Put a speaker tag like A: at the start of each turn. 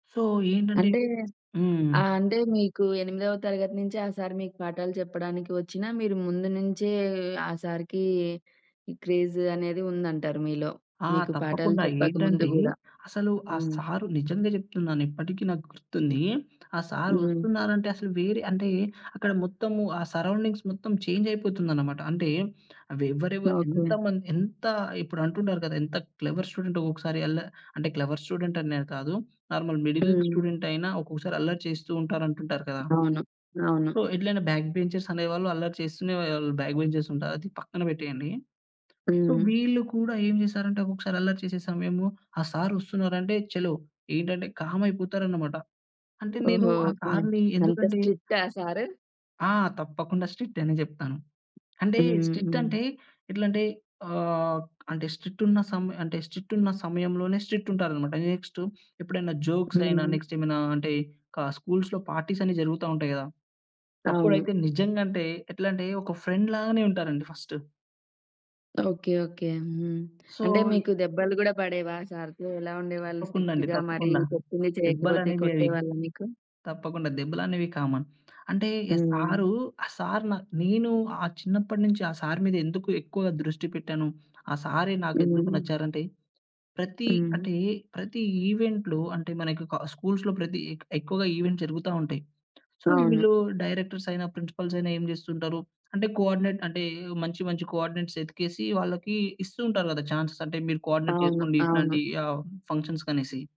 A: So ఏంటంటే
B: అంటే
A: హ్మ్.
B: ఆ! అంటే మీకు ఎనిమిదవ తరగతి నుంచి ఆ సారు మీకు పాఠాలు చెప్పడానికి వచ్చినా, మీరు ముందు నుంచే ఆ సారుకి క్రేజ్ అనేది ఉందంటారు మీలో.
A: ఆ!
B: మీకు పాఠాలు
A: తప్పకుండా
B: చెప్పక ముందు
A: ఏంటంటే
B: గూడా.
A: అసలు ఆ
B: హ్మ్.
A: సారు నిజంగా జెప్తున్నాను ఇప్పటికి నాకు గుర్తుంది. ఆ సారు
B: హ్మ్.
A: ఒస్తున్నారంటే అసలు వేరే అంటే అక్కడ మొత్తము ఆ సరౌండింగ్స్ మొత్తం చేంజ్ అయిపోతుందన్నమాట. అంటే అవి ఎవరెవరు
B: ఓకే.
A: ఎంతమంది ఎంత ఇప్పుడు అంటుంటారు గదా! ఎంత క్లెవర్ స్టూడెంట్ ఒకొక్కసారి అల్ల అంటే క్లెవర్ స్టూడెంట్ అనే కాదు. నార్మల్ మిడిల్
B: హ్మ్.
A: స్టూడెంట్ అయినా ఒక్కొక్కసారి అల్లరి చేస్తూంటారు అంటుంటారు కదా!
B: అవును. అవును.
A: సో, ఎట్లైనా బ్యాక్ బెంచర్స్ అనేవాళ్ళు అల్లరి చేస్తూనే బ్యాక్ బెంచర్స్ ఉంటారు. అది పక్కన పెట్టేయండి. సో,
B: హ్మ్.
A: వీళ్ళు కూడా ఏం జేసారంటే ఒక్కొక్కసారి అల్లరి చేసే సమయము ఆ సారు ఒస్తున్నారంటే చలో ఏంటంటే కామ్ అయిపోతారన్నమాట. అంటే నేను
B: ఓహో!
A: ఆ
B: హ్మ్.
A: సారుని
B: అంత
A: ఎందుకంటే
B: స్ట్రిక్టా సారు?
A: ఆ! తప్పకుండా స్ట్రిక్ట్ అనే జెప్తాను. అంటే స్ట్రిక్ట్
B: హ్మ్.
A: అంటే ఎట్లాంటే ఆహ్, అంటే స్ట్రిక్ట్ ఉన్న సమ స్ట్రిక్ట్ ఉన్న సమయంలోనే స్ట్రిక్ట్ ఉంటారన్నమాట. నెక్స్టెప్పుడైనా జోక్స్ అయినా
B: హ్మ్.
A: నెక్స్టేమైనా అంటే ఇంకా స్కూల్స్‌లో పార్టీస్ అన్ని జరుగుతా ఉంటాయి గదా!
B: అవును.
A: అప్పుడైతే నిజంగా అంటే ఎట్లాంటే ఒక ఫ్రెండ్ లాగానే ఉంటారండి ఫస్టు.
B: ఓకే. ఓకే. హ్మ్.
A: సో,
B: అంటే
A: ఇ
B: మీకు దెబ్బలు గూడా బడేవా సారుతో? ఎలా ఉండేవాళ్ళు
A: తప్పకుండా అండి.
B: స్ట్రిక్ట్‌గా మరి
A: తప్పకుండా.
B: చెప్పింది చేయకపోతే
A: దెబ్బలనేవి అవి
B: కొట్టేవాళ్ళా మీకు?
A: తప్పకుండా దెబ్బలనేవి కామన్. అంటే ఆ
B: హ్మ్.
A: సారు ఆ సారు నా నేను ఆ చిన్నప్పటినుంచి ఆ సారు మీద ఎందుకు ఎక్కువగా దృష్టి పెట్టాను. ఆ సారే నాకేందుకు
B: హ్మ్.
A: నచ్చారంటే ప్రతి
B: హ్మ్.
A: అంటే ప్రతి ఈవెంట్‌లో అంటే మనకి కా స్కూల్స్‌లో ప్రతి ఎక్కువగా ఈవెంట్స్ జరుగుతా ఉంటాయి. సో,
B: అవును.
A: వీళ్ళు డైరెక్టర్స్ అయినా ప్రిన్సిపల్స్ అయినా ఏం జేస్తూంటారు? అంటే కోఆర్డినేట్ అంటే మంచి మంచి కోఆర్డినేట్స్ ఎతికేసి, వాళ్ళకి ఇస్తూ ఉంటారు గదా! చాన్స్ అంటే మీరు కోఆర్డినేట్
B: అవును.
A: జేసుకోండి
B: అవును.
A: ఇట్లాంటి ఫంక్షన్సుకనేసి.